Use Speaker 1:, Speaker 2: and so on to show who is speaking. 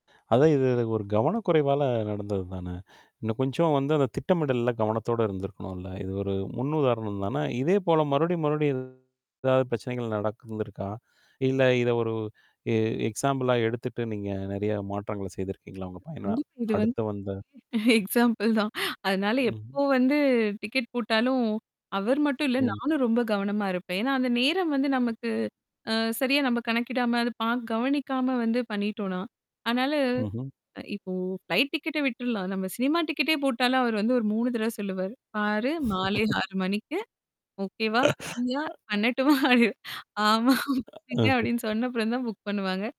Speaker 1: அதான். இது, இது ஒரு கவனக்குறைவால நடந்தது தானே! இன்னும் கொஞ்சம் வந்து அது திட்டமிடல்ல கவனத்தோட இருந்திருக்கணும்ல. இது ஒரு முன் உதாரணம் தானே! இதேபோல மறுபடியும், மறுபடியும் இது எதாவது பிரச்சனைகள் நடந்து இருந்துருக்கா? இல்ல, இத ஒரு எ எக்ஸாம்பிளா எடுத்துட்டு நீங்க நிறைய மாற்றங்கள செய்துருக்கீங்களா உங்கள் பயண
Speaker 2: கண்டிப்பா. இது வந்து
Speaker 1: அடுத்து வந்து
Speaker 2: எக்ஸாம்பிள் தான் அதனால
Speaker 1: ம்ஹ்ம்.
Speaker 2: எப்போ வந்து டிக்கெட் போட்டாலும், அவர் மட்டும் இல்ல,
Speaker 1: ம்.
Speaker 2: நானும் ரொம்ப கவனமாக இருப்பேன். ஏன்னா, அந்த நேரம் வந்து, அ, நமக்கு அ, சரியா நம்ம கணக்கிடாம, அது பாக் கவனிக்காம வந்து பண்ணிட்டோன்னா. அதனால
Speaker 1: ம்ஹ்ம்.
Speaker 2: இப்போ ஃப்ளைட் டிக்கெட்ட விட்ருலாம். நம்ம சினிமா டிக்கெட்டே போட்டாலும், அவரு வந்து ஒரு 3 தடவ சொல்லுவாரு. பாரு! மாலை 6:00 மணிக்கு ஓகேவா? ஃப்ரியா? பண்ணட்டுமா? அப்பிடின்னு ஆமா. புக்
Speaker 1: ஆ அ
Speaker 2: பண்ணுங்க அப்பிடின்னு
Speaker 1: [unintelligible]
Speaker 2: சொன்ன அப்புறம் தான் புக் பண்ணுவாங்க.